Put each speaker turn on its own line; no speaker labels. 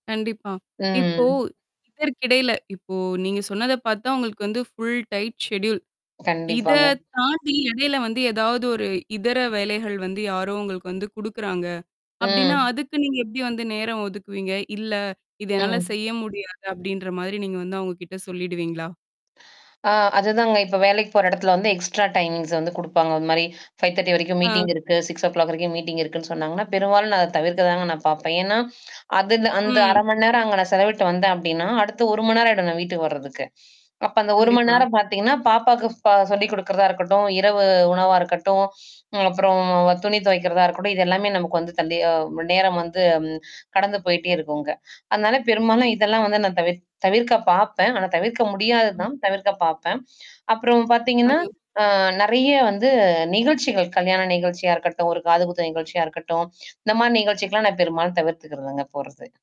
கண்டிப்பா. இப்போ
ம்.
இதற்கிடையில இப்போ நீங்க சொன்னத பாத்தா, உங்களுக்கு வந்து ஃபுல் டைட் செட்யூல் இத
கண்டிப்பாங்க.
தாண்டி எடையில வந்து, ஏதாவது ஒரு இதர வேலைகள் வந்து, யாரோ உங்களுக்கு வந்து குடுக்குறாங்க, அப்டின்னா
ம்.
அதுக்கு நீங்க எப்டி வந்து நேரம் ஒதுக்குவீங்க? "இல்ல! இத என்னால
ம்.
செய்ய முடியாது! "அப்டின்ற மாதிரி நீங்க வந்து அவுங்க கிட்ட சொல்லிடுவீங்களா?
அ அதுதாங்க. இப்ப வேலைக்குப் போற எடத்துல வந்து, எக்ஸ்ட்ரா டைமிங்ஸ் வந்து குடுப்பாங்க. அது மாரி 5:30 வரைக்கும்
ஆ.
மீட்டிங் இருக்கு. 6:00ஒ க்ளாக் வரைக்கும் மீட்டிங் இருக்குன்னு சொன்னாங்கன்னா, பெரும்பாலும் நான் அத தவிர்க்க தாங்க நான் பாப்பேன். ஏன்னா, அது ந்த அந்த
ம்.
1/2 மணி நேரம் அங்க நான் செலவிட்டு வந்தேன் அப்டீன்னா, அடுத்து 1 மண்நேரம் ஆயிடும் நான் வீட்டுக்கு வர்றதுக்கு. அப்போ அந்த 1
கண்டிப்பா.
மண்நேரம் பாத்தீங்கன்னா, பாப்பாக்கு பா சொல்லிக் கொடுக்கிறதா இருக்கட்டும், இரவு உணவா இருக்கட்டும், ம் அப்பறம் துணி துவைக்கிறதா இருக்கட்டும், இதெல்லாமே நமக்கு வந்து, தன் அ ம் நேரம் வந்து ம் கடந்து போய்ட்டே இருக்கும் அங்க. அதனால பெரும்பாலும் இதெல்லாம் வந்து நான் தவிர் தவிர்க்க பாப்பேன். ஆனா, தவிர்க்க
ம்.
முடியாததுதான். தவிர்க்கப் பாப்பேன். அப்புறம் பாத்தீங்கன்னா,
அய்யோ,
அ நெறையா வந்து நிகழ்ச்சிகள், கல்யாண நிகழ்ச்சியா இருக்கட்டும், ஒரு காதுகுத்து நிகழ்ச்சியா இருக்கட்டும், இந்த மாரி நிகழ்ச்சிக்கெல்லாம் நான் பெரும்பாலும் தவிர்த்துகிறதுங்க போறது.